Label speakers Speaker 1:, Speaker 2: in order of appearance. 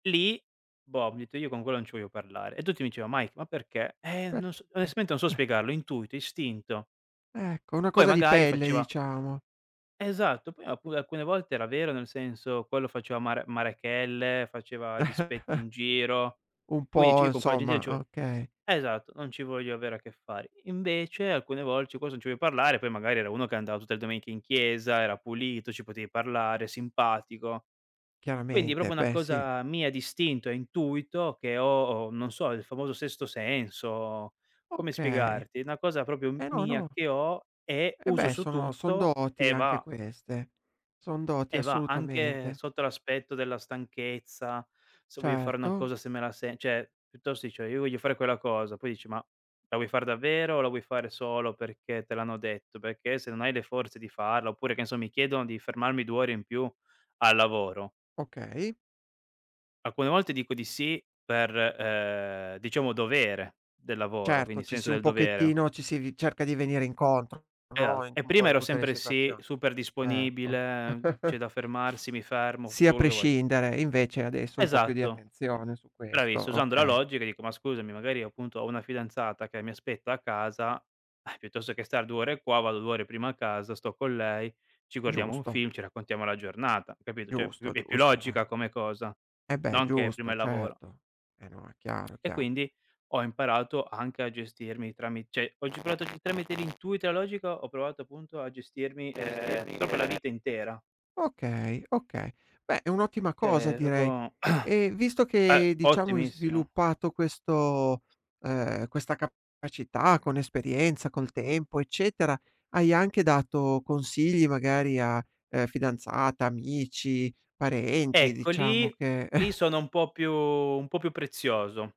Speaker 1: Lì [unintelligible] ho detto: "Io con quello non ci voglio parlare". E tutti mi diceva "Mike, ma perché?" "Eh non
Speaker 2: Perché?
Speaker 1: s onestamente non so spiegarlo, intuito, istinto".
Speaker 2: Ecco, è una
Speaker 1: Poi
Speaker 2: cosa di
Speaker 1: magari
Speaker 2: pelle
Speaker 1: faceva
Speaker 2: diciamo.
Speaker 1: Esatto, poi alcu alcune volte era vero, nel senso, quello faceva mare marachelle, faceva dispetti in giro.
Speaker 2: Un
Speaker 1: Quindi
Speaker 2: po'
Speaker 1: cioè, io con quella gen lì non
Speaker 2: insomma,
Speaker 1: ci vo
Speaker 2: okay.
Speaker 1: esatto, non ci voglio avere a che fare. Invece alcune vol [unintelligible] non ci vuoi parlare, poi magari era uno che andava tutte le domeniche in chiesa, era pulito, ci potevi parlare, simpatico. Quindi
Speaker 2: Chiaramente,
Speaker 1: proprio una
Speaker 2: beh sì.
Speaker 1: cosa mia d'istinto e intuito che ho, non so, il famoso sesto senso. Come
Speaker 2: Okay,
Speaker 1: spiegarti? Una cosa proprio m
Speaker 2: eh no,
Speaker 1: mia
Speaker 2: no.
Speaker 1: che ho e
Speaker 2: E
Speaker 1: uso
Speaker 2: beh,
Speaker 1: su
Speaker 2: sono son
Speaker 1: tutto
Speaker 2: doti
Speaker 1: e
Speaker 2: anche
Speaker 1: va
Speaker 2: queste. Son doti,
Speaker 1: e va anche
Speaker 2: assolutamente.
Speaker 1: sotto l'aspetto della stanchezza, se voglio fare una
Speaker 2: Certo.
Speaker 1: cosa se me la se cioè piuttosto dici: "Io voglio fare quella cosa", poi dici: "Ma la vuoi far davvero o la vuoi fare solo perché te l'hanno detto? Perché se non hai le forze di farla" oppure, che ne so, mi chiedono di fermarmi 2 ore in più al lavoro
Speaker 2: Okay.
Speaker 1: alcune volte dico di sì per, ehm, diciamo dovere del lavoro,
Speaker 2: Certo,
Speaker 1: quindi
Speaker 2: ci
Speaker 1: senso
Speaker 2: si un
Speaker 1: del dovere.
Speaker 2: pochettino, ci si v cerca di venire incontro,
Speaker 1: E
Speaker 2: no,
Speaker 1: alt
Speaker 2: in
Speaker 1: e
Speaker 2: un po'
Speaker 1: prima
Speaker 2: in
Speaker 1: ero
Speaker 2: tutte le
Speaker 1: sempre sì,
Speaker 2: situazioni.
Speaker 1: super
Speaker 2: Ecco.
Speaker 1: disponibile, c'è da fermarsi, mi fermo, f
Speaker 2: Sì,
Speaker 1: tutto
Speaker 2: a
Speaker 1: quello che vuoi.
Speaker 2: prescindere, invece adesso un po' più di
Speaker 1: Esatto.
Speaker 2: attenzione su
Speaker 1: Braviss
Speaker 2: questo,
Speaker 1: usando la
Speaker 2: okay.
Speaker 1: logica, dico: "Ma scusami, magari appunto ho una fidanzata che mi aspetta a casa, piuttosto che star 2 ore qua, vado 2 ore prima a casa, sto con lei, ci guardiamo un
Speaker 2: Giusto.
Speaker 1: film, ci raccontiamo la giornata". Capito? Cioè è pi
Speaker 2: Giusto,
Speaker 1: è più
Speaker 2: giusto,
Speaker 1: logica
Speaker 2: eh.
Speaker 1: come cosa,
Speaker 2: E beh,
Speaker 1: non che, prima
Speaker 2: giusto,
Speaker 1: il lavoro.
Speaker 2: certo. E no, è chiaro,
Speaker 1: E
Speaker 2: chia
Speaker 1: quindi ho imparato anche a gestirmi trami cioè [unintelligible] tramite l'intuito, e la logica ho provato appunto a gestirmi, ehm, proprio la vita intera.
Speaker 2: Okay, okay. Beh è un'ottima cosa
Speaker 1: Cioè, proprio
Speaker 2: direi
Speaker 1: uhm,
Speaker 2: e visto che, diciamo, hai
Speaker 1: ottimissimo.
Speaker 2: sviluppato questo ehm, questa capacità con esperienza, col tempo, eccetera, hai anche dato consigli magari a, uhm, fidanzata, amici, parenti,
Speaker 1: Ecco
Speaker 2: diciamo
Speaker 1: lì
Speaker 2: che
Speaker 1: lì sono un po' più un po' più prezioso.